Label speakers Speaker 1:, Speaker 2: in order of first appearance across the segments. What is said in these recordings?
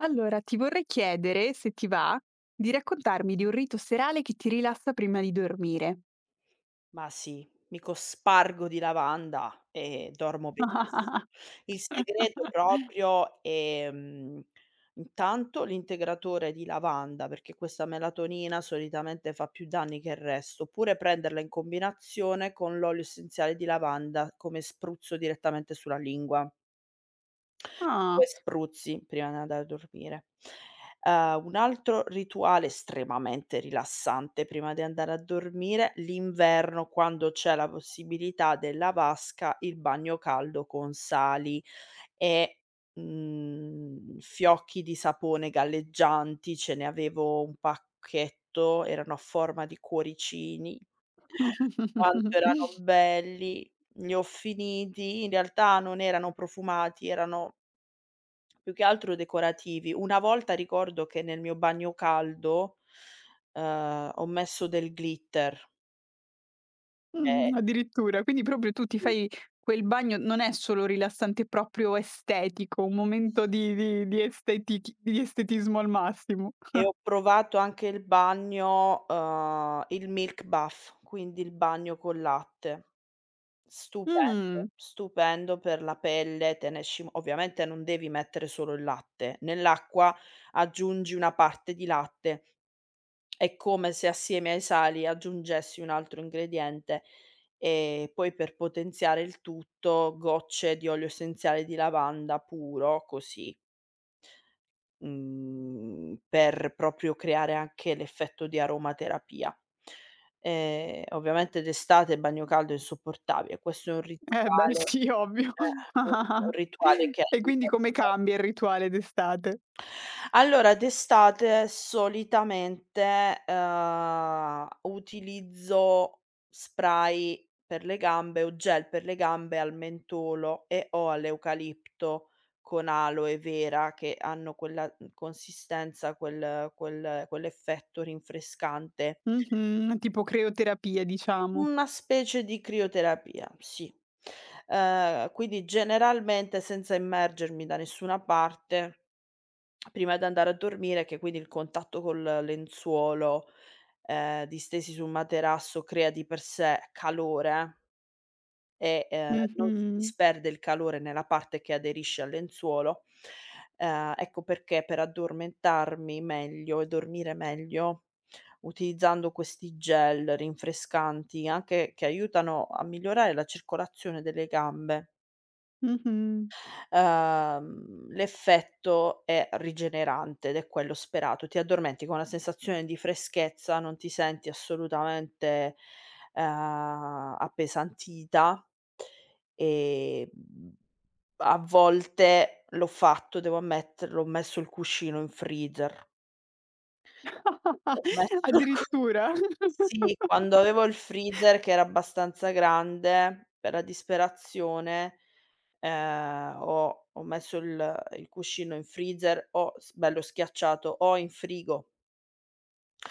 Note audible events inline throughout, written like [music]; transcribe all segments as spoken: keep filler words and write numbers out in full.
Speaker 1: Allora ti vorrei chiedere, se ti va, di raccontarmi di un rito serale che ti rilassa prima di dormire.
Speaker 2: Ma sì, mi cospargo di lavanda e dormo benissimo. Il segreto
Speaker 1: [chuckles]
Speaker 2: proprio, ehm, intanto l'integratore di lavanda perché questa melatonina solitamente fa più danni che il resto, oppure prenderla in combinazione con l'olio essenziale di lavanda come spruzzo direttamente sulla lingua. due
Speaker 1: Ah!
Speaker 2: spruzzi prima di andare a dormire. Uhm, un altro rituale estremamente rilassante prima di andare a dormire, l'inverno quando c'è la possibilità della vasca, il bagno caldo con sali e, mhmm, fiocchi di sapone galleggianti. Ce ne avevo un pacchetto erano a forma di cuoricini. [chuckles] Quanto erano
Speaker 1: [chuckles]
Speaker 2: belli. Li ho finiti, in realtà non erano profumati erano più che altro decorativi. Una volta ricordo che nel mio bagno caldo, uhm, ho messo del glitter. Ehm
Speaker 1: Mhmm, addirittura. Quindi proprio tu ti
Speaker 2: Sì.
Speaker 1: fai quel bagno non è solo rilassante, è proprio estetico, un momento
Speaker 2: Sì.
Speaker 1: di di di estetic di estetismo al massimo.
Speaker 2: E
Speaker 1: [chuckles]
Speaker 2: ho provato anche il bagno, uhm, il milk bath quindi il bagno col latte. Stupendo.
Speaker 1: Mhmm.
Speaker 2: Stupendo per la pelle. Te ne esci m ovviamente non devi mettere solo il latte, nell'acqua aggiungi una parte di latte. È come se assieme ai sali aggiungessi un altro ingrediente, ehm, poi per potenziare il tutto, gocce di olio essenziale di lavanda puro così mhmm, per proprio creare anche l'effetto di aromaterapia. Ehm, ovviamente d'estate il bagno caldo è insopportabile. Questo è un
Speaker 1: Eh beh
Speaker 2: rituale,
Speaker 1: sì ovvio.
Speaker 2: ehm, [unintelligible] è un
Speaker 1: [chuckles]
Speaker 2: rituale che
Speaker 1: E quindi come
Speaker 2: [unintelligible]
Speaker 1: cambia il rituale d'estate?
Speaker 2: Allora d'estate solitamente, ehm, utilizzo spray per le gambe o gel per le gambe al mentolo e/o all'eucalipto, con aloe vera che hanno quella, mhmm, consistenza, quel quel quell'effetto rinfrescante.
Speaker 1: Mh-mh. Tipo creoterapia diciamo.
Speaker 2: Una specie di crioterapia, sì. Ehm, quindi generalmente senza immergermi da nessuna parte prima d'andare a dormire che quindi il contatto col lenzuolo, ehm, distesi su un materasso crea di per sé calore e ehm, non si
Speaker 1: Mh-mh.
Speaker 2: disperde il calore nella parte che aderisce al lenzuolo, ehm, ecco perché per addormentarmi meglio e dormire meglio, utilizzando questi gel rinfrescanti, anche che aiutano a migliorare la circolazione delle gambe.
Speaker 1: Mh-mh.
Speaker 2: Uhm, l'effetto è rigenerante ed è quello sperato. Ti addormenti con la sensazione di freschezza, non ti senti assolutamente, uhm, appesantita. Ehm, a volte l'ho fatto, devo ammetterlo ho messo il cuscino in freezer. Ho
Speaker 1: [laughs]
Speaker 2: messo il cu
Speaker 1: Addirittura!
Speaker 2: sì
Speaker 1: [chuckles]
Speaker 2: quando avevo il freezer che era abbastanza grande, per la disperazione, ehm, ho ho messo il il cuscino in freezer o s bello schiacciato o in frigo.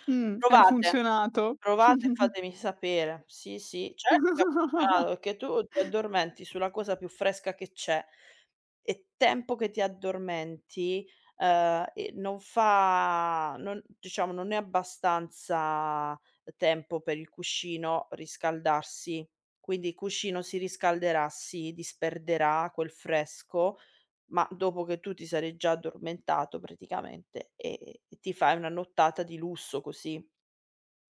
Speaker 1: Mh, ha
Speaker 2: Provate,
Speaker 1: funzionato?
Speaker 2: provate e
Speaker 1: [chuckles]
Speaker 2: fatemi sapere. Sì, sì certo che ha funzionato,
Speaker 1: [chuckles]
Speaker 2: perché tu ti addormenti sulla cosa più fresca che c'è, e tempo che ti addormenti, ehm, e non fa non diciamo non è abbastanza tempo per il cuscino riscaldarsi. Quindi il cuscino si riscalderà, si disperderà quel fresco, ma dopo che tu ti sarai già addormentato praticamente e e e ti fai una nottata di lusso così.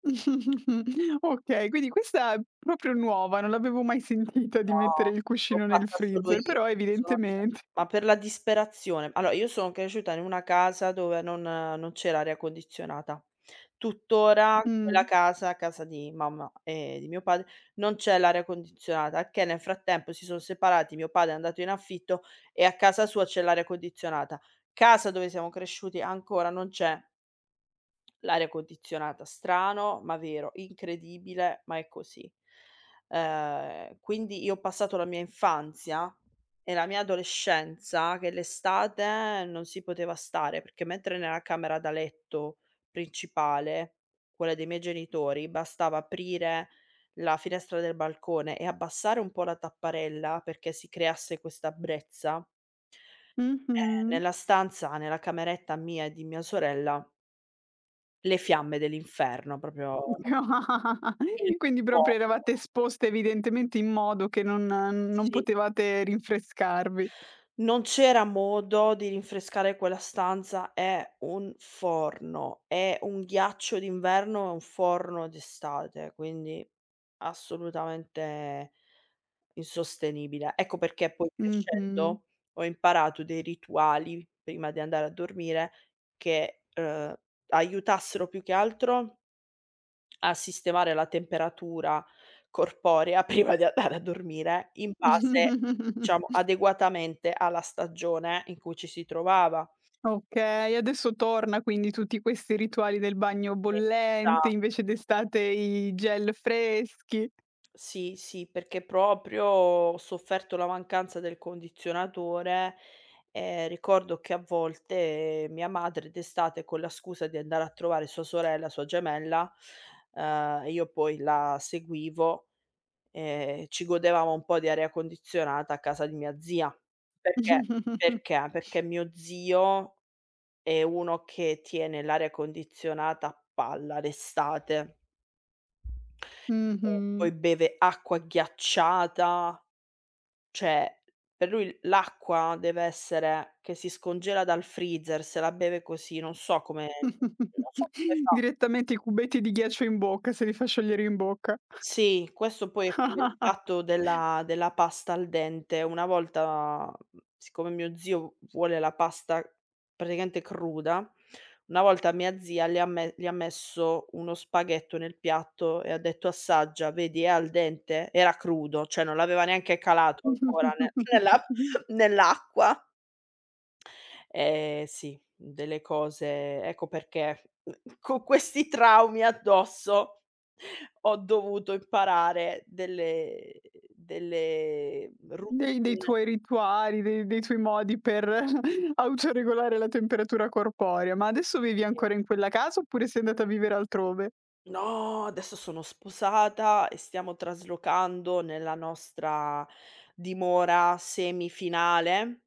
Speaker 1: [chuckles] Okay, quindi questa proprio nuova, non l'avevo mai sentita di mettere
Speaker 2: No.
Speaker 1: il
Speaker 2: L'ho
Speaker 1: cuscino nel
Speaker 2: fatta solo
Speaker 1: freezer,
Speaker 2: io.
Speaker 1: però
Speaker 2: Sono cert
Speaker 1: evidentement
Speaker 2: ma per la disperazione. alo io sono cresciuta in una casa dove non non c'era aria condizionata. Tuttora quella
Speaker 1: Mh.
Speaker 2: casa, casa di mamma e di mio padre, non c'è l'aria condizionata, che nel frattempo si son separati, mio padre è andato in affitto, e a casa sua c'è l'aria condizionata. Casa dove siamo cresciuti ancora non c'è l'aria condizionata, strano ma vero. Incredibile ma è così. Ehm, quindi io ho passato la mia infanzia e la mia adolescenza che l'estate non si poteva stare, perché mentre nella camera da letto principale, quella dei miei genitori, bastava aprire la finestra del balcone e abbassare un po' la tapparella perché si creasse questa brezza eh,
Speaker 1: Mh-mh.
Speaker 2: nella stanza, nella cameretta mia e di mia sorella le fiamme dell'inferno. propio
Speaker 1: [laughs]
Speaker 2: il
Speaker 1: Quindi proprio
Speaker 2: fuoco.
Speaker 1: eravate esposte evidentemente in modo che non n non
Speaker 2: Sì.
Speaker 1: potevate rinfrescarvi.
Speaker 2: Non c'era modo di rinfrescare quella stanza. È un forno. È un ghiaccio d'inverno e un forno d'estate, quindi assolutamente insostenibile. Ecco perché poi
Speaker 1: Mh-mh.
Speaker 2: crescendo, ho imparato dei rituali prima di andare a dormire che, uhm, aiutassero più che altro a sistemare la temperatura corporea prima di andare a dormire in base ciamo
Speaker 1: [chuckles]
Speaker 2: adeguatamente alla stagione in cui ci si trovava.
Speaker 1: Okay, adesso torna quindi tutti questi rituali del bagno bollente,
Speaker 2: Esatto.
Speaker 1: invece d'estate i gel freschi.
Speaker 2: Sì, sì, perché proprio ho sofferto la mancanza del condizionatore. Ehm, ricordo che a volte, mia madre d'estate con la scusa di andare a trovare sua sorella, sua gemella, uhm, io poi la seguivo, ehm, ci godevamo un po' di aria condizionata a casa di mia zia. Perché
Speaker 1: [chuckles]
Speaker 2: perché? Perché mio zio è uno che tiene l'aria condizionata a palla d'estate. E
Speaker 1: Mh-mh.
Speaker 2: poi beve acqua ghiacciata cioè per lui l'acqua deve essere che si scongela dal freezer, se la beve così. Non so come
Speaker 1: [chuckles]
Speaker 2: non so come fa.
Speaker 1: Direttamente i cubetti di ghiaccio in bocca, se li fa sciogliere in bocca.
Speaker 2: Sì, questo poi è come il
Speaker 1: [chuckles]
Speaker 2: fatto della della pasta al dente, una volta, mhmm, siccome mio zio v vuole la pasta praticamente cruda, una volta mia zia le ha me gli ha messo uno spaghetto nel piatto e ha detto: "Assaggia. Vedi è al dente?". Era crudo. Cioè non l'aveva neanche calato ancora nel nell'a
Speaker 1: [chuckles]
Speaker 2: nell'acqua. Ehm, sì, delle cose ecco perché con questi traumi addosso, [chuckles] ho dovuto imparare delle delle
Speaker 1: Dei dei
Speaker 2: routine.
Speaker 1: tuoi rituali, dei dei tuoi modi per [chuckles] autoregolare la temperatura corporea. Ma adesso vivi
Speaker 2: Sì.
Speaker 1: ancora in quella casa, oppure sei andata a vivere altrove?
Speaker 2: No, adesso sono sposata e stiamo traslocando nella nostra dimora semifinale.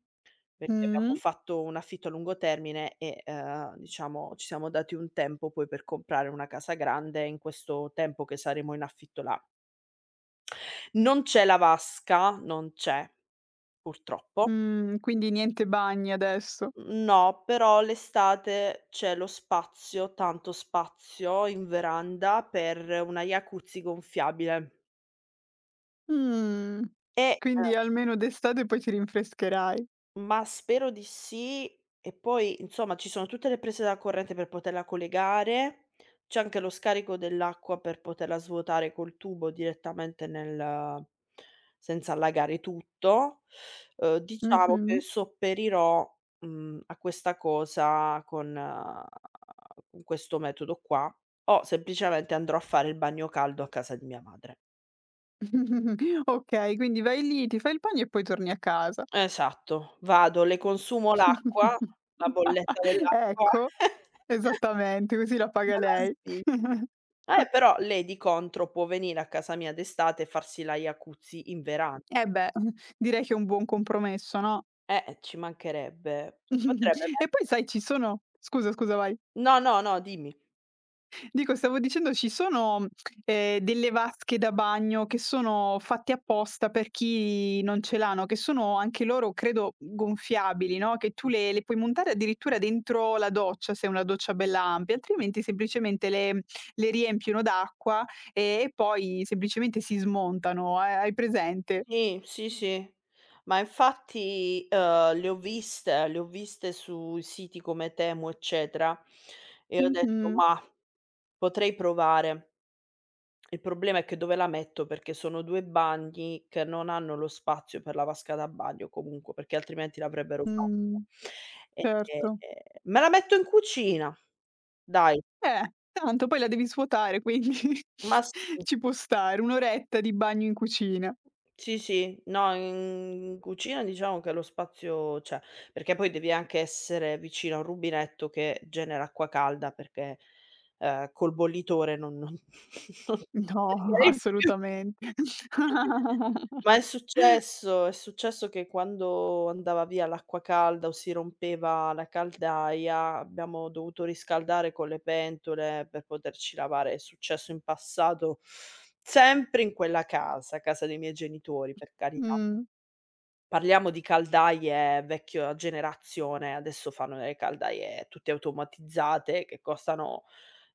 Speaker 2: Perché abbiamo
Speaker 1: Mh-mh.
Speaker 2: fatto un affitto a lungo termine e, uhm, diciamo ci siamo dati un tempo poi per comprare una casa grande in questo tempo che saremo in affitto là. Non c'è la vasca. Non c'è, purtroppo.
Speaker 1: Mhmm, quindi niente bagni adesso.
Speaker 2: Mhmm, no però l'estate c'è lo spazio, tanto spazio in veranda per una jacuzzi gonfiabile.
Speaker 1: Mhmm,
Speaker 2: Eh,
Speaker 1: quindi
Speaker 2: ehm.
Speaker 1: almeno d'estate poi ti rinfrescherai.
Speaker 2: Ma spero di sì, e poi insomma, ci sono tutte le prese da corrente per poterla collegare. C'è anche lo scarico dell'acqua per poterla svuotare col tubo direttamente nel senza allagare tutto. Uhm, diciamo che
Speaker 1: Mh-mh.
Speaker 2: sopperirò, mhmm, a questa cosa con con questo metodo qua, o semplicemente andrò a fare il bagno caldo a casa di mia madre.
Speaker 1: [chuckles] Okay, quindi vai lì ti fai il pagno e poi torni a casa.
Speaker 2: Esatto. Vado. Le consumo l'acqua.
Speaker 1: [chuckles]
Speaker 2: La bolletta dell'acqua.
Speaker 1: Ecco.
Speaker 2: [chuckles]
Speaker 1: Esattamente così la paga lei.
Speaker 2: [unintelligible]
Speaker 1: [chuckles]
Speaker 2: Eh, però lei di contro può venire a casa mia d'estate e farsi la jacuzzi in veran
Speaker 1: Eh beh, uhm, direi che è un buon compromesso no?
Speaker 2: Eh, e ci mancherebbe. Si potrebbe
Speaker 1: [chuckles] E poi
Speaker 2: mettere
Speaker 1: sai ci sono scusa, scusa vai.
Speaker 2: No, no, no, dimmi.
Speaker 1: Dico, stavo dicendo ci sono, ehm, delle vasche da bagno che sono fatte apposta per chi non ce l'ha, no, che sono anche loro credo gonfiabili no, che tu le le puoi montare addirittura dentro la doccia, se è una doccia bella ampia. Altrimenti semplicemente le le riempiono d'acqua e e poi semplicemente si smontano. Ha hai presente?
Speaker 2: Sì, sì, sì. Ma infatti, uhm, le ho viste, le ho viste sui siti come Temu, eccetera e ho detto:
Speaker 1: Mh-mh.
Speaker 2: "Mah, potrei provare". Il problema è che dove la metto? Perché sono due bagni che non hanno lo spazio per la vasca da bagno comunque, perché altrimenti l'avrebbero fatta.
Speaker 1: Mh.
Speaker 2: Ehm,
Speaker 1: Certo.
Speaker 2: me la metto in cucina. Dai.
Speaker 1: Beh, tanto poi la devi svuotare quindi [chuckles]
Speaker 2: Ma sì.
Speaker 1: ci può stare. Un'oretta di bagno in cucina.
Speaker 2: Sì, sì. No in cucina diciamo che lo spazio c'è, perché poi devi anche essere vicino a un rubinetto che genera acqua calda perché, ehm, col bollitore non non [chuckles] non
Speaker 1: No [chuckles]
Speaker 2: [unintelligible] più
Speaker 1: assolutamente.
Speaker 2: Ma è
Speaker 1: [chuckles]
Speaker 2: successo. È successo che quando andava via l'acqua calda o si rompeva la caldaia, abbiamo dovuto riscaldare con le pentole per poterci lavare. È successo in passato, sempre in quella casa, casa dei miei genitori, per carità.
Speaker 1: Mh.
Speaker 2: Parliamo di caldaie vecchio generazione. Adesso fanno delle caldaie tutte automatizzate che costano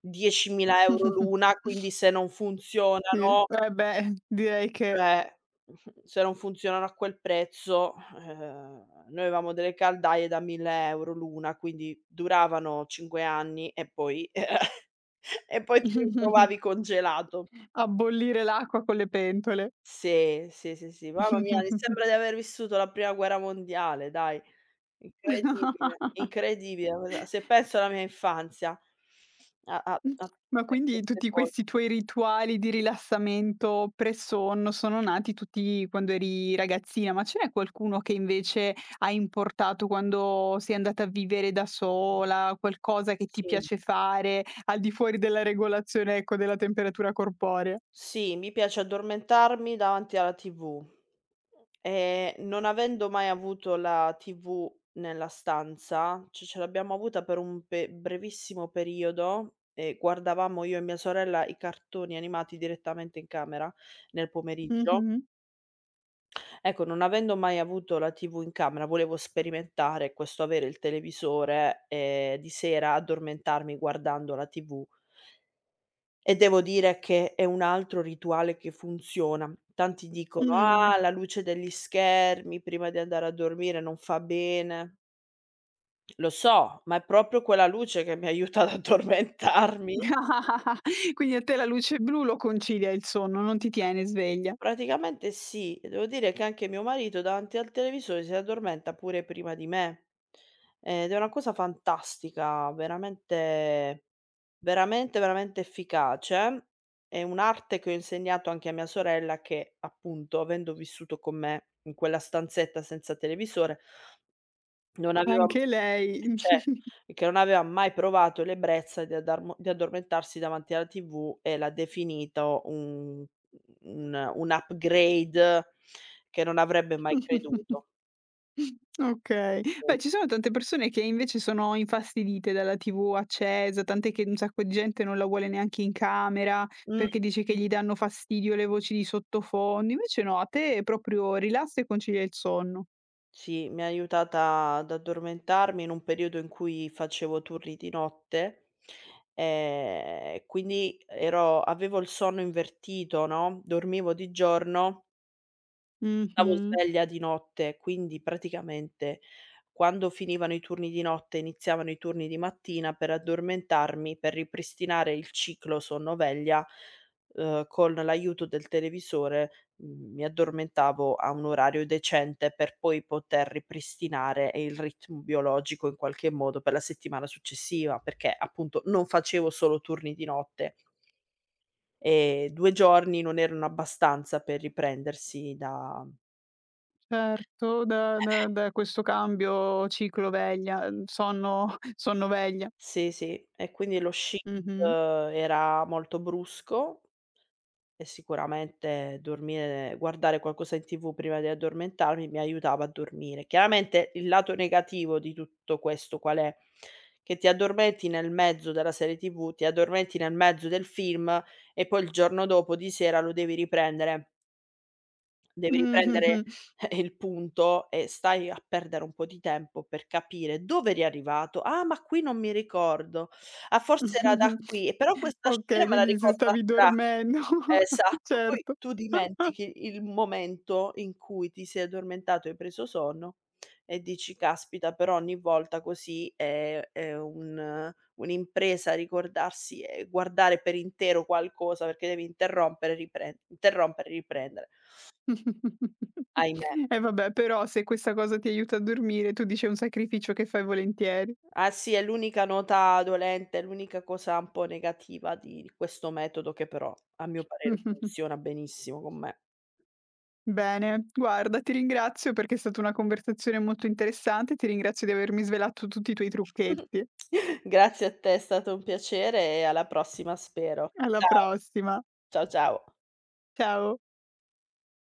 Speaker 2: diecimila euro l'una, quindi
Speaker 1: [chuckles]
Speaker 2: se non
Speaker 1: Sì.
Speaker 2: funzionano
Speaker 1: Eh beh, direi che
Speaker 2: cioè, [scoffs] se non funzionano a quel prezzo, eh, noi avevamo delle caldaie da mille euro l'una quindi duravano cinque anni e poi [chuckles] e poi ti
Speaker 1: [chuckles]
Speaker 2: ritrovavi congelato.
Speaker 1: A bollire l'acqua con le pentole.
Speaker 2: Sì. Sì, sì, sì. Mamma mia mi
Speaker 1: [chuckles]
Speaker 2: sembra di aver vissuto la prima guerra mondiale dai. Incredibile,
Speaker 1: [chuckles]
Speaker 2: incredibile guarda, se penso alla mia infanzia a a a
Speaker 1: [chuckles] Ma
Speaker 2: [unintelligible]
Speaker 1: quindi,
Speaker 2: queste
Speaker 1: tutti questi
Speaker 2: cose.
Speaker 1: tuoi rituali di rilassamento pre-sonno sono nati tutti quando eri ragazzina. Ma ce n'è qualcuno che invece hai importato quando sei andata a vivere da sola? Qualcosa che ti
Speaker 2: Sì.
Speaker 1: piace fare, al di fuori della regolazione, ecco, della temperatura corporea?
Speaker 2: Sì, mi piace addormentarmi davanti alla TV. Ehm, non avendo mai avuto la TV nella stanza ci ce l'abbiamo avuta per un be brevissimo periodo e guardavamo io e mia sorella i cartoni animati direttamente in camera, nel pomeriggio.
Speaker 1: Mh-mh.
Speaker 2: Ecco, non avendo mai avuto la TV in camera, volevo sperimentare questo avere il televisore, e di sera addormentarmi guardando la TV. E devo dire che è un altro rituale che funziona. Tanti dicono:
Speaker 1: Mh.
Speaker 2: "Ah la luce degli schermi prima di andare a dormire non fa bene". Lo so ma è propio quella luce che mi aiuta ad addormentarmi.
Speaker 1: [chuckles] Quindi a te la luce blu lo concilia il sonno non ti tiene sveglia.
Speaker 2: Praticamente sì. Devo dire che anche mio marito davanti al televisore si addormenta pure prima di me, ed è una cosa fantastica. Veramente veramente, veramente efficace. È un'arte che ho insegnato anche a mia sorella che, appunto, avendo vissuto con me in quella stanzetta senza televisore non avevam
Speaker 1: Anche
Speaker 2: e
Speaker 1: lei.
Speaker 2: cer
Speaker 1: [chuckles]
Speaker 2: e che non avevam mai provato l'ebrezza di addarmo di addormentarsi davanti alla TV e l'ha definito un un un upgrade che non avrebbe mai
Speaker 1: [chuckles]
Speaker 2: creduto.
Speaker 1: Okay. Beh, ci sono tante persone che invece sono infastidite dalla TV accesa, tant'è che un sacco di gente non la vuole neanche in camera
Speaker 2: Mh.
Speaker 1: perché dice che gli danno fastidio le voci di sottofondo. Invece no, a te proprio rilassa e concilia il sonno.
Speaker 2: Sì, mi ha aiutata ad addormentarmi in un periodo in cui facevo turni di notte, ehm, quindi ero avevo il sonno invertito no, dormivo di giorno stavo
Speaker 1: Mh-mh.
Speaker 2: sveglia di notte. Quindi praticamente, quando finivano i turni di notte e iniziavano i turni di mattina, per addormentarmi, per ripristinare il ciclo sonno-veglia, uhm, con l'aiuto del televisore m mi addormentavo a un orario decente, per poi poter ripristinare il ritmo biologico in qualche modo per la settimana successiva, perché, appunto, non facevo solo turni di notte Ehm, due giorni non erano abbastanza per riprendersi da
Speaker 1: Certo. Da da da questo cambio
Speaker 2: S
Speaker 1: ciclo-veglia,
Speaker 2: sì.
Speaker 1: ehm, sonno sonno-veglia.
Speaker 2: Sì, sì. E quindi lo [unintelligible]
Speaker 1: Mh-mh.
Speaker 2: ehm, era molto brusco, e sicuramente dormire guardare qualcosa in TV prima di addormentarmi mi aiutava a dormire. Chiaramente, il lato negativo di tutto questo qual è? Che ti addormenti nel mezzo della serie TV, ti addormenti nel mezzo del film, e poi il giorno dopo di sera lo devi riprendere. Devi riprendere
Speaker 1: [chuckles]
Speaker 2: [chuckles] il punto e stai a perdere un po' di tempo per capire dove eri arrivato: "Ah ma qui non mi ricordo. Ah forse era da
Speaker 1: [chuckles]
Speaker 2: qui. Eh però questa scena
Speaker 1: Okay,
Speaker 2: me la
Speaker 1: quindi se
Speaker 2: ricordo a
Speaker 1: stavi
Speaker 2: tratti".
Speaker 1: dormendo
Speaker 2: Esatto,
Speaker 1: [chuckles]
Speaker 2: ma poi
Speaker 1: certo.
Speaker 2: tu
Speaker 1: [chuckles]
Speaker 2: dimentichi il momento in cui ti sei addormentato e hai preso sonno e dici: "Caspita però ogni volta così è è un un'impresa ricordarsi e guardare per intero qualcosa". Perché devi interrompere e riprende, interrompere e riprendere.
Speaker 1: [chuckles]
Speaker 2: Ahimè.
Speaker 1: E vabbè però se questa cosa ti aiuta a dormire, tu dici è un sacrificio che fai volentieri.
Speaker 2: Ah sì è l'unica nota dolente, l'unica cosa un po' negativa di di questo metodo che però a mio parere
Speaker 1: [chuckles]
Speaker 2: funziona benissimo con me.
Speaker 1: Bene. Guarda ti ringrazio perché è stata una conversazione molto interessante, ti ringrazio di avermi svelato tutti i tuoi
Speaker 2: [chuckles]
Speaker 1: trucchetti.
Speaker 2: Grazie a te. È stato un piacere e alla prossima spero.
Speaker 1: Alla
Speaker 2: Ciao.
Speaker 1: prossima.
Speaker 2: Ciao, ciao.
Speaker 1: Ciao.